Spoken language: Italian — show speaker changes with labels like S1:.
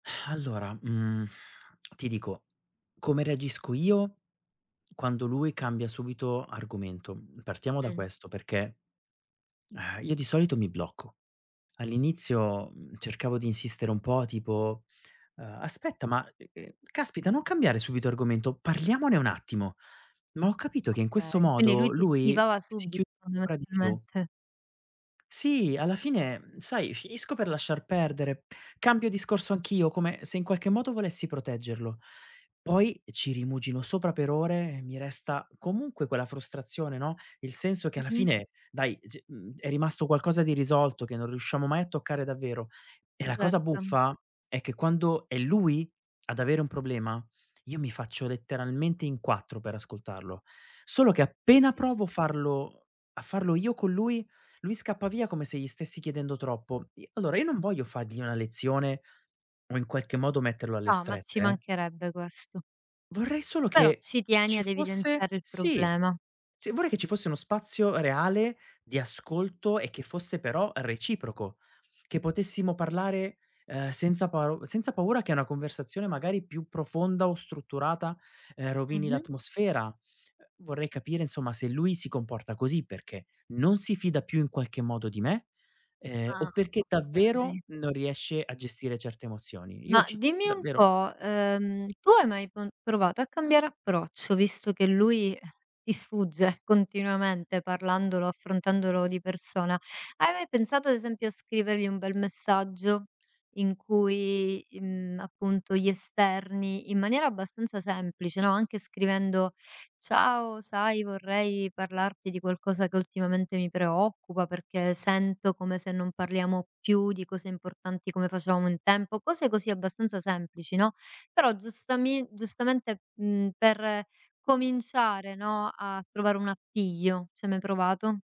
S1: Allora, mhmm, ti dico, come reagisco io quando lui cambia subito argomento, mhmm, partiamo da
S2: Mh.
S1: questo, perché, ehm, io di solito mi blocco. All'inizio, mhmm, cercavo di insistere un po' tipo, uhm: "Aspetta ma, uhm, uhm, caspita non cambiare subito argomento, parliamone un attimo." Ma ho capito che in
S2: Okay,
S1: questo
S2: quindi lui
S1: modo
S2: ti
S1: lui
S2: schivava
S1: si
S2: subito
S1: chiudeva ancora di più.
S2: fondamentalmente.
S1: Sì, alla fine, mhmm, sai finisco per lasciar perdere, cambio discorso anch'io, come se in qualche modo volessi proteggerlo. Poi ci rimugino sopra per ore e mi resta comunque quella frustrazione, no, il senso che alla
S2: Mh-mh.
S1: fine dai, ehm, c mhmm, è rimasto qualcosa di irrisolto che non riusciamo mai a toccare davvero. E la cosa
S2: Certo.
S1: buffa è che quando è lui ad avere un problema, io mi faccio letteralmente in quattro per ascoltarlo. Solo che appena
S2: [unintelligible]
S1: provo a farlo a farlo io con lui, lui scappa via come se gli stessi chiedendo troppo. I Allora io non voglio fargli una lezione o in qualche modo metterlo alle
S2: No, ma ci
S1: strette, eh
S2: mancherebbe questo.
S1: vorrei solo
S2: Però
S1: che
S2: ci tieni
S1: ci
S2: ad
S1: fosse
S2: evidenziare il
S1: sì,
S2: problema.
S1: sì, vorrei che ci fosse uno spazio reale di ascolto e che fosse però reciproco, che potessimo parlare, uhm, senza pa senza paura che una conversazione magari più profonda o strutturata, uhm, rovini
S2: Mh-mh.
S1: l'atmosfera. Uhm, vorrei capire insomma se lui si comporta così perché non si fida più in qualche modo di me, uhm, o
S2: Ah,
S1: perché davvero
S2: okay.
S1: non riesce a gestire certe emozioni. Io
S2: Ma
S1: ci
S2: dimmi un
S1: davvero
S2: po', uhm, tu hai mai con provato a cambiare approccio visto che lui, eh, ti sfugge continuamente parlandolo, affrontandolo di persona? Hai mai pensato ad esempio a scrivergli un bel messaggio in cui i mhmm, appunto gli esterni in maniera abbastanza semplice, no, anche scrivendo: "Ciao, sai vorrei parlarti di qualcosa che ultimamente mi preoccupa, perché sento come se non parliamo più di cose importanti come facevamo un tempo." Cose così abbastanza semplici, no, però giustamin giustamente, mhmm, per cominciare, no, a trovare un appiglio, ci hai mai provato?